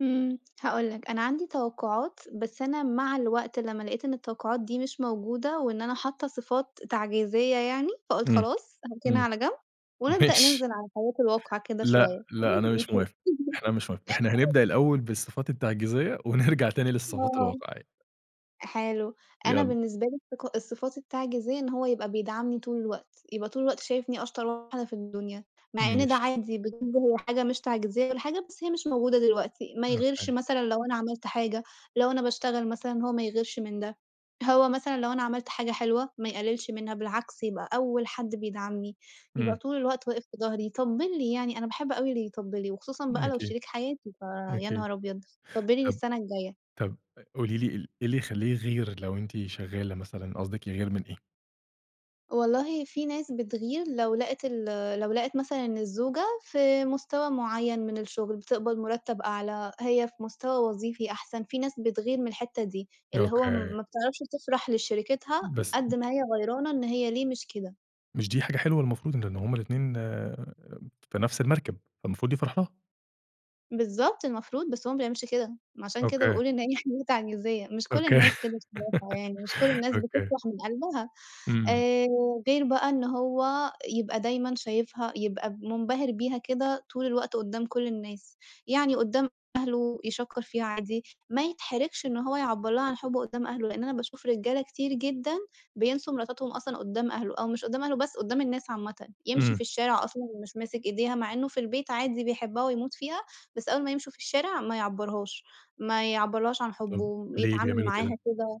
امم، هاقول لك أنا عندي توقعات بس أنا مع الوقت لمّا لقيت إن التوقعات دي مش موجودة وإن أنا حاطّة صفات تعجيزية يعني، فقُلت امم، خلاص هاركنها امم. على جنب، ونبدأ ماشي. ننزل على الحياة الواقعية كده لأ، شوية لأ، أنا وننزل مش نشوف. موافق، إحنا مش موافق إحنا هَنبدأ الأول بالصفات التعجيزية، ونرجَع تاني للصفات آه، الواقعية. حلو أنا يالّا. بالنسبة لي الصف الصفات التعجيزية إن هو يبقى بيدعمني طول الوقت، يبقى طول الوقت شايفني أشطر واحدة في الدُنيا، مع إن ده ماشي. عادي بالنسبة لي حاجة مش تعجيزية والّا حاجة، بس هي مش موجودة دلوقتي، ما يغِيرش أوكي. مثلًا لو أنا عملت حاجة، لو أنا باشتغل مثلًا هو ما يغِيرش من ده، هو مثلًا لَو أنا عملت حاجة حلوة ما يقَلّلش منها بالعكس يبقى أول حد بيدعمني، يبقى امم. طول الوقت واقف في ضهري يطَبّل لي، يعني أنا باحب أوي اللي يطَبّل لي وخُصوصًا م بقى لو أكيد، شريك حياتي ف يا أكيد. نهار أبيض طَبّل لي طب للسنة الجاية. طب قولي لِي ال إيه اللي يخَلّيه يغِير لو أنتِ شغالة مثلًا، قصدِك يغِير من إيه؟ والله فيه ناس بتغِير لو لقت ال لو لقت مثلًا إن الزوجة في مُستوى معَيَّن من الشغل، بتِقبَض مرَتّب أعلى، هي في مُستوى وظيفي أحسن، في ناس بتغِير من الحتة دي، اللي هو م أوكي. ما بتعرفش تفرح لشريكِتها بس قد ما هي غيرانة إن هي ليه مش كده. مش دي حاجة حلوة المفروض لأن هُم الاتنين في نفس المركب فالمفروض يفرَح لَها. بالضبط، المفروض بس هو ما بيعملش كده، ما عشان كده أوكي. باقول إن هي حاجة تعجيزية مش كُل أوكي، الناس كده [unintelligible] يعني مش كُل الناس أوكي. بتفرَح من قلبها. امم. آآ، غير بقى إن هو يبقى دايمًا شايفها يبقى منبهر بيها كده طول الوقت قدام كُل الناس، يعني قدام أهلُه يشكّر فيها عادي، ما يتحَرَّجش إن هو يعَبَّر لَها عن حُبُّه قدام أهلُه، لأن أنا باشوف رجالة كتير جدًا بيِنسوا مراتاتهُم أصلًا قدام أهلُه أو مش قدام أهلُه بس قدام الناس عامةً، يمشي امم. في الشارع أصلًا مش ماسك إيديها مع إنه في البيت عادي بيحبها ويموت فيها، بس أول ما يمشوا في الشارع ما يعبرهاش، ما يعَبَّرلَهاش عن حُبُّه طب ليه ويتعامل بيعملوا معاها كده؟ كده.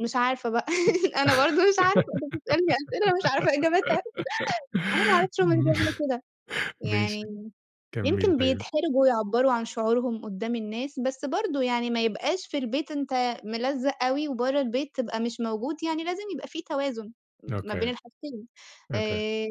مش عارفة بقى أنا برضه مش عارفة أنت بتسألني أسئلة مش عارفة إجابتها أنا ما اعرفش هُم ليه بيعملوا كده، ماشي، يعني كملي يمكن طيب. بيتحرجوا يعَبَّروا عن شعورهُم قدام الناس، بس برضه يعني ما يبقاش في البيت أنت ملزق أوي وبرّه البيت تبقى مش موجود، يعني لازم يبقى في توازن ما بين أوكي، الحاجتين. أوكي. آآ،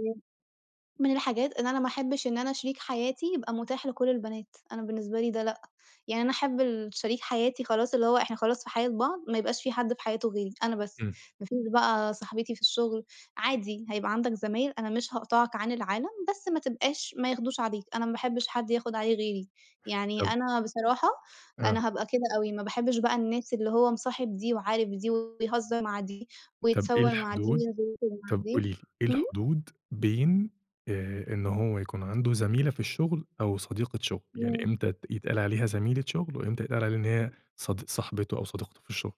من الحاجات إن أنا ما احبش إن أنا شريك حياتي يبقى متاح لكُل البنات، أنا بالنسبة لي ده لأ، يعني أنا أحب ال شريك حياتي خلاص اللي هو إحنا خلاص في حياة بعض، ما يبقاش فيه حد في حياتُه غيري أنا بس، امم. ما فيش بقى صاحبتي في الشغل عادي هيبقى عندك زمايل أنا مش هاقطعك عن العالم، بس ما تبقاش ما ياخدوش عليك، أنا ما باحبش حد ياخد عليه غيري، يعني طب أنا بصراحة آه. أنا هابقى كده أوي، ما باحبش بقى الناس اللي هو مصاحب دي، وعارف دي، ويهزر مع دي، طب إيه ويتصور مع دي، الحُدود وينزل يخرُج مع طب دي، قولي لِي، إيه امم. الحُدود بين آآ، إن هو يكون عندُه زَميلة في الشغل أو صديقة شغل، يعني امم. إمتى تت يتقال عليها زَميلة شغل وإمتى يتقال عليها إن هي صدق صاحبتُه أو صديقته في الشغل؟